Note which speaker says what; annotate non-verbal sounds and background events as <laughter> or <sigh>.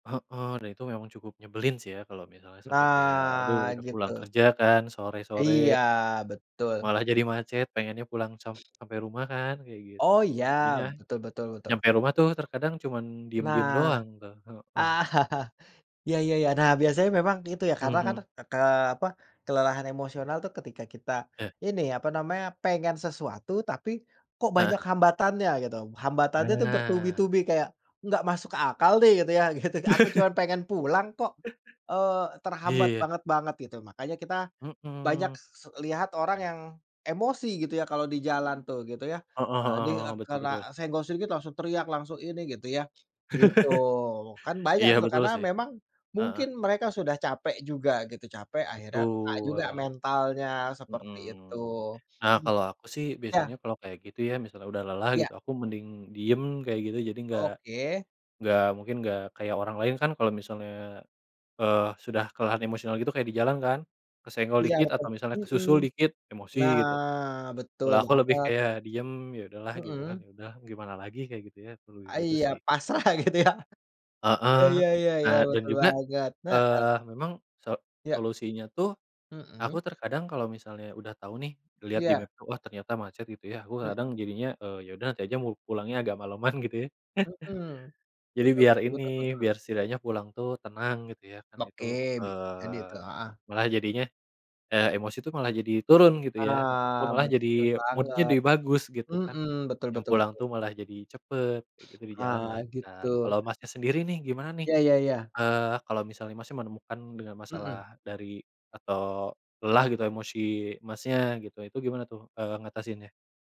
Speaker 1: Heeh, dan itu memang cukup nyebelin sih ya, kalau misalnya sampai kayak aduh
Speaker 2: Nah
Speaker 1: udah pulang
Speaker 2: gitu.
Speaker 1: kerja kan sore-sore.
Speaker 2: Iya betul.
Speaker 1: Malah jadi macet pengennya pulang sam sampai rumah kan kayak
Speaker 2: Oh iya,
Speaker 1: gitu. Jadinya,
Speaker 2: betul betul betul
Speaker 1: nyampe rumah tuh terkadang cuman diem-diem
Speaker 2: Nah.
Speaker 1: doang tuh, heeh.
Speaker 2: <chuckles> Ya ya ya. Nah, biasanya memang gitu ya
Speaker 1: Mhm
Speaker 2: karena kan
Speaker 1: mhm.
Speaker 2: ke apa kelelahan emosional tuh ketika kita
Speaker 1: Ya.
Speaker 2: ini apa namanya pengen sesuatu tapi kok banyak
Speaker 1: Heeh.
Speaker 2: hambatannya gitu, hambatannya tuh
Speaker 1: Nah.
Speaker 2: bertubi-tubi kayak enggak masuk akal deh gitu ya, gitu aku cuman
Speaker 1: <laughs>
Speaker 2: pengen pulang kok,
Speaker 1: <chuckles>
Speaker 2: eee, terhambat
Speaker 1: Iya, ya.
Speaker 2: banget-banget gitu. Makanya kita banyak
Speaker 1: Mhm.
Speaker 2: se lihat orang yang emosi gitu ya kalau di jalan tuh gitu ya,
Speaker 1: Heeh heeh
Speaker 2: eee, di,
Speaker 1: heeh,
Speaker 2: eee,
Speaker 1: betul betul.
Speaker 2: karena senggol sedikit langsung teriak langsung ini gitu ya, gitu kan
Speaker 1: <laughs>
Speaker 2: banyak
Speaker 1: Iya
Speaker 2: tuh
Speaker 1: betul
Speaker 2: karena
Speaker 1: sih,
Speaker 2: memang
Speaker 1: heeh.
Speaker 2: mungkin mereka sudah capek juga gitu capek akhirnya kena
Speaker 1: Betul.
Speaker 2: juga mentalnya seperti itu,
Speaker 1: Mhm. Nah,
Speaker 2: mmm,
Speaker 1: kalau aku sih
Speaker 2: ya.
Speaker 1: biasanya kalau kayak gitu ya misalnya udah lelah gitu,
Speaker 2: Iya.
Speaker 1: aku mending diem kayak gitu jadi enggak,
Speaker 2: Oke
Speaker 1: enggak mungkin enggak kayak orang lain kan kalau misalnya, eee, sudah kelelahan emosional gitu kayak di jalan kan kesenggol
Speaker 2: Iya
Speaker 1: dikit
Speaker 2: betul
Speaker 1: atau misalnya
Speaker 2: mhm.
Speaker 1: kesusul dikit emosi
Speaker 2: Nah,
Speaker 1: gitu,
Speaker 2: betul
Speaker 1: kalau aku lebih
Speaker 2: banget.
Speaker 1: kayak diem ya udahlah gitu kan,
Speaker 2: Mhm.
Speaker 1: ya udah gimana lagi kayak gitu ya perlu
Speaker 2: A
Speaker 1: gitu
Speaker 2: iya
Speaker 1: sih.
Speaker 2: pasrah gitu ya? <chuckles> Iya
Speaker 1: Heeh,
Speaker 2: iya iya iya,
Speaker 1: eee, dan
Speaker 2: betul
Speaker 1: juga,
Speaker 2: banget, heeh.
Speaker 1: eee, memang so
Speaker 2: Iya.
Speaker 1: solusinya tuh aku
Speaker 2: Mhm.
Speaker 1: terkadang kalau misalnya udah tahu nih ngelihat di
Speaker 2: Iya.
Speaker 1: map tuh, wah ternyata macet gitu ya aku
Speaker 2: Mhm.
Speaker 1: kadang jadinya, eee, ya udah nanti aja mu pulangnya agak maleman gitu ya. <chuckles>
Speaker 2: Mhm,
Speaker 1: Jadi
Speaker 2: betul
Speaker 1: biar
Speaker 2: betul betul
Speaker 1: ini
Speaker 2: betul.
Speaker 1: biar setidaknya pulang tuh tenang gitu ya kan
Speaker 2: Oke
Speaker 1: itu,
Speaker 2: bisa jadi
Speaker 1: eee,
Speaker 2: tu, heeh.
Speaker 1: malah jadinya, eee, emosi tuh malah jadi turun gitu ya, ma
Speaker 2: Ah
Speaker 1: aku malah
Speaker 2: betul
Speaker 1: jadi mood-nya
Speaker 2: banget,
Speaker 1: jadi bagus gitu kan.
Speaker 2: mhm, betul
Speaker 1: Yang
Speaker 2: betul
Speaker 1: pulang
Speaker 2: betul.
Speaker 1: tuh malah jadi cepet gitu, di jalan
Speaker 2: Ah,
Speaker 1: lancar.
Speaker 2: gitu.
Speaker 1: Kalau Masnya sendiri nih, gimana nih?
Speaker 2: Ya ya ya.
Speaker 1: Eee, Kalau misalnya, Masnya, menemukan dengan
Speaker 2: Mhm.
Speaker 1: masalah dari atau lelah gitu emosi, Masnya, gitu. Itu gimana tuh, eee, ngatasinnya?